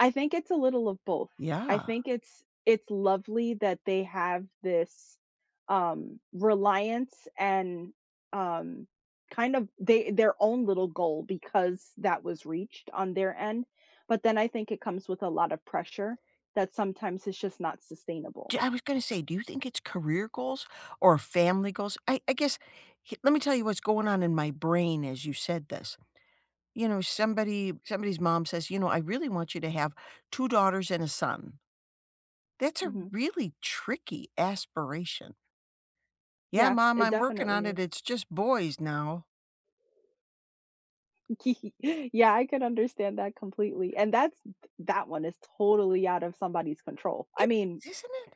I think it's a little of both. I Yeah. think it's it's lovely that they have this, um, reliance and, um, kind of, they their own little goal because that was reached on their end, but then I think it comes with a lot of pressure that sometimes it's just not sustainable. D I was gonna say, do you think it's career goals or family goals? I I guess h let me tell you what's going on in my brain as you said this: You know, somebody somebody's mom says, "You know, I really want you to have 2 daughters and a son." That's a Mhm. really tricky aspiration. Yeah, Yeah. mom. It I'm working on definitely it. is. It's just boys now. Yeah, I can understand that completely, and that's that one is totally out of somebody's control, I I mean isn't it?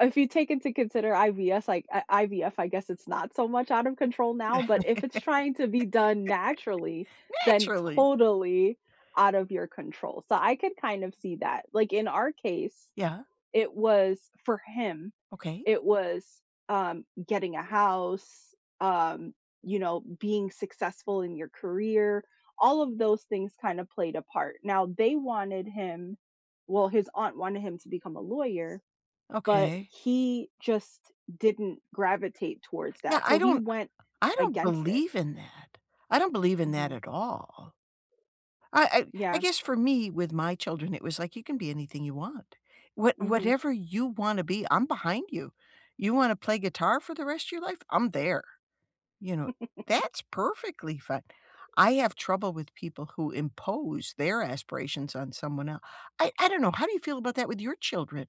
if you take into consider IVS, like I IVF, I guess it's not so much out of control now, but if it's trying to be done naturally, then Naturally. totally out of your control, so, I can kind of see that. Like in our case, Yeah. it was for him, Okay. it was, um, getting a house, um, you know, being successful in your career, all of those things kind of played a part. Now, they wanted him well, his aunt wanted him to become a lawyer, but Okay. he just didn't gravitate towards Yeah. that. I So, he don't went I don't against it. believe in that. I don't believe in that Mhm. at all. I I I Yeah. guess for me, with my children, it was like you can be anything you want. What Mhm. whatever you wanna be, I'm behind you. You wanna play guitar for the rest of your life? I'm there. You know? That's perfectly fine. I have trouble with people who impose their aspirations on someone el I I don't know. How do you feel about that with your children?